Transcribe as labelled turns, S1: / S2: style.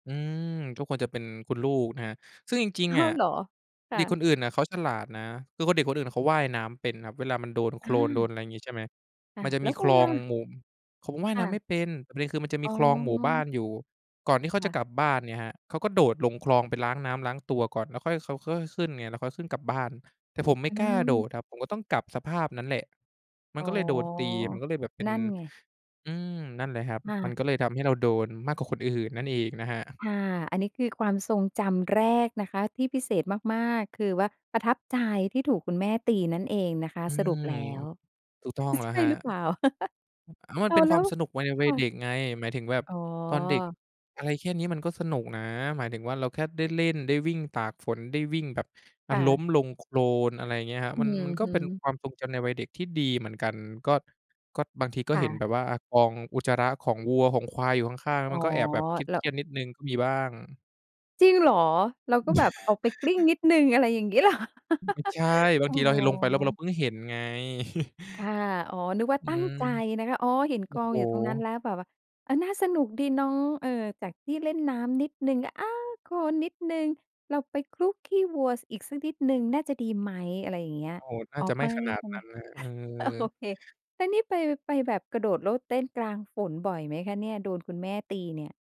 S1: อืม ก็ควรจะเป็นคุณลูกนะครับ ซึ่งจริง
S2: อ้า
S1: ๆ อะ
S2: วเหรอ? ค่
S1: เด็
S2: ะ
S1: กคนอื่นน่ะเขาฉลาดนะ คือคน เด็กคนอื่นเขาว่ายน้ำเป็นครับ เวลามันโดนโค
S2: อ
S1: ลนโด
S2: า
S1: น อะไรอย่างงี้ ใช่ไหม
S2: ค่
S1: ม
S2: ะ
S1: ันจะ
S2: แล
S1: มี
S2: ้ว
S1: ค
S2: คุ
S1: ล
S2: ณ
S1: อ
S2: ล่
S1: ง
S2: ะ?
S1: หมุ่ ผมว่าย
S2: ค
S1: น
S2: ่
S1: ้ำ
S2: ะ
S1: ไม่เป็น ประเด็นคือมันจะมี
S2: อ๋
S1: คลองหมู่บ้า
S2: อ
S1: นอยู่ ก่อนที่เขา
S2: ค
S1: จ
S2: ่
S1: ะ
S2: ะ
S1: กลับบ้านเนี่ยครับ เขาก็โดดลงคลองไปล้างน้ำล้างตัวก่อน แล้วค่อย เขาก็ค่อยขึ้นไง แล้วค่อยขึ้นกลับบ้าน แต่ผมไม่
S2: อื
S1: กล้าโด
S2: ม
S1: ดครับ ผมก็ต้องกลับสภาพนั้นแหละ มั
S2: อ
S1: น
S2: ๋อ
S1: ก็เลยโดนตี มันก็เลยแบบเป็น
S2: นั่นไง
S1: อืม นั่นแหละครับ
S2: ค่
S1: มัน
S2: ะ
S1: ก็เลยทำให้เราโดนมากกว่าคนอื่นนั่นอีกนะครับ
S2: ค่ะ อันนี้คือความทรงจำแรกนะคะ ที่พิเศษมาก ๆ คือว่าประทับใจที่ถูกคุณแม่ตีนั่นเองนะคะ
S1: อื
S2: สรุป
S1: ม
S2: แล้ว
S1: ถูกต้องแ
S2: ใ
S1: ล้
S2: ช
S1: ว
S2: ่
S1: ครับ
S2: หรือเปล่า?
S1: แล้วมั
S2: อ้
S1: นเ
S2: า
S1: ป็
S2: ว
S1: น
S2: แล
S1: คว
S2: ้
S1: าม
S2: ว
S1: สนุกวัย วั
S2: ค
S1: ย
S2: ่
S1: เด
S2: ะ
S1: ็กไง หมายถึงแบบ
S2: อ๋อ
S1: ตอนเด็กอะไรแค่นี้มันก็สนุกนะ หมายถึงว่าเราแค่ได้เล่น ได้วิ่งตากฝน ได้วิ่งแบบ อ่
S2: ค
S1: า
S2: ่
S1: ล้
S2: ะ
S1: มลงโคลน อะไรอย่างเงี้ยครับ
S2: อื
S1: มัน
S2: อ
S1: มันก็
S2: ฮ
S1: เป็น
S2: ึ
S1: ความทรงจำในวัยเด็กที่ดีเหมือนกัน ก็ ก็บางทีก็
S2: ค่
S1: เห็น
S2: ะ
S1: แบบว่า อ่า กองอุจจาระของวัวของควายอยู่ข้าง
S2: อ
S1: ๆ
S2: ๋
S1: ม
S2: อ
S1: ันก็แอบแบบเค
S2: แล้
S1: ร
S2: ว
S1: ียด ๆ นิดหนึ่งก็มีบ้าง
S2: จริงเหรอ เราก็แบบออกไปกลิ้งนิดหนึ่ง อะไรอย่างงี้ เหรอ?
S1: ไม่ใช่ บา
S2: อ
S1: ง
S2: ๋
S1: ทีเราลงไปแล้ว เรา
S2: อ
S1: เพิ่งเห็นไง
S2: ค่ะ อ๋อ นึกว่า
S1: อื
S2: ตั้ง
S1: ม
S2: ใจนะคะ อ๋อ เห็น
S1: โอ
S2: ก
S1: ้
S2: อ
S1: โ
S2: งอยู่ตรงนั้น
S1: ฮ
S2: แล้วแบบว่า เออ น่าสนุกดีเนาะ เออ จากที่เล่นน้ำนิดหนึ่ง อา โคลนิดหนึ่ง เราไปคลุกขี้วัว ส อีกสักนิดหนึ่ง น่าจะดีไหม อะไรอย่างเงี้ย
S1: โอ้โฮ น่
S2: อ
S1: า
S2: ๋อ
S1: จะไ
S2: ไ
S1: ม
S2: ม
S1: ่
S2: ่
S1: ขนา
S2: ใช
S1: ด
S2: ่ไ
S1: น
S2: หม
S1: ั้นนะ เอ
S2: โอ
S1: อ
S2: เค แล้วนี่ไป ไปแบบกระโดดโลดเต้นกลางฝนบ่อยไหมคะเนี่ย โดนคุณแม่ตีเนี่ย?